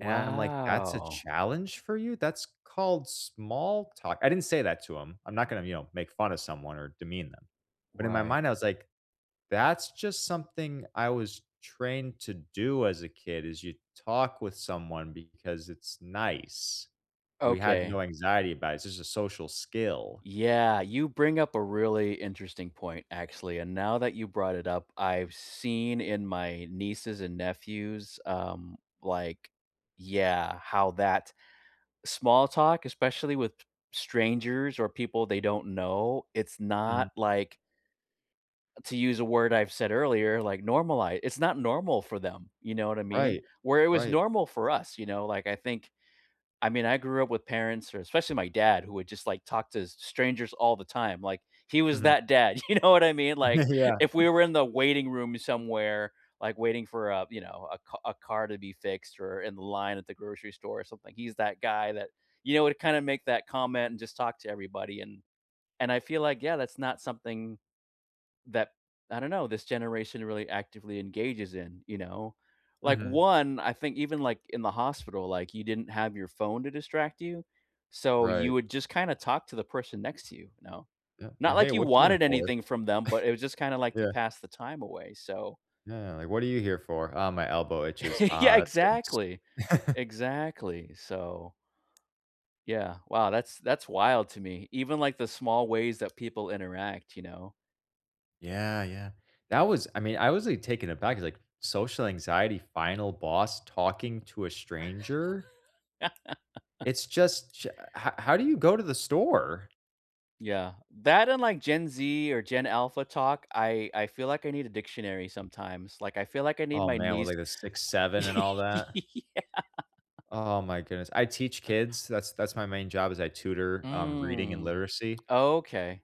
And I'm like, "That's a challenge for you? That's called small talk." I didn't say that to him, I'm not gonna, you know, make fun of someone or demean them, but in my Right. mind I was like, "That's just something I was trained to do as a kid is you talk with someone because it's nice." We had Okay. no anxiety about it, it's just a social skill. Yeah, you bring up a really interesting point, actually, and now that you brought it up, I've seen in my nieces and nephews, um, like, yeah, how that small talk, especially with strangers or people they don't know, it's Mhm. not like to use a word I've said earlier, like, normali it's not normal for them, you know what I mean? Right, Where it was right. normal for us, you know, like I think I mean, I grew up with parents or especially my dad, who would just like talk to s strangers all the time, like, he was Mhm. that dad, you know what I mean? Like, if Yeah. we were in the waiting room somewhere, like waiting for a, you know, a car a car to be fixed or in the line at the grocery store or something, he's that guy that, you know, would kind of make that comment and just talk to everybody and and I feel like, yeah, that's not something that I don't know, this generation really actively engages in, you know? Like Mhm. one I think even like in the hospital, like you didn't have your phone to distract you, so you Right. would just kinda talk to the person next to you, you know? Yeah, Not like, "Hey, like you what are you in wanted for?" anything from them, but it was just kinda like to Yeah. pass the time away, so Yeah, like, "What are you here for?" "Oh, my elbow itches." Yeah, "Ah, that stinks." exactly, exactly, so, yeah, wow, that's, that's wild to me, even like the small ways that people interact, you know? Yeah, yeah. That was, I mean, I was like taken aback like, social anxiety, final boss talking to a stranger it's just ja how how do you go to the store? Yeah, that unlike Gen Z or Gen Alpha talk, I I feel like I need a dictionary sometimes. Like, I feel like I need Oh my man, with, niece like, uh, 6-7 and all that? Yeah. Oh my goodness. I teach kids, that's that's my main job is I tutor, um, reading and Mm, literacy okay.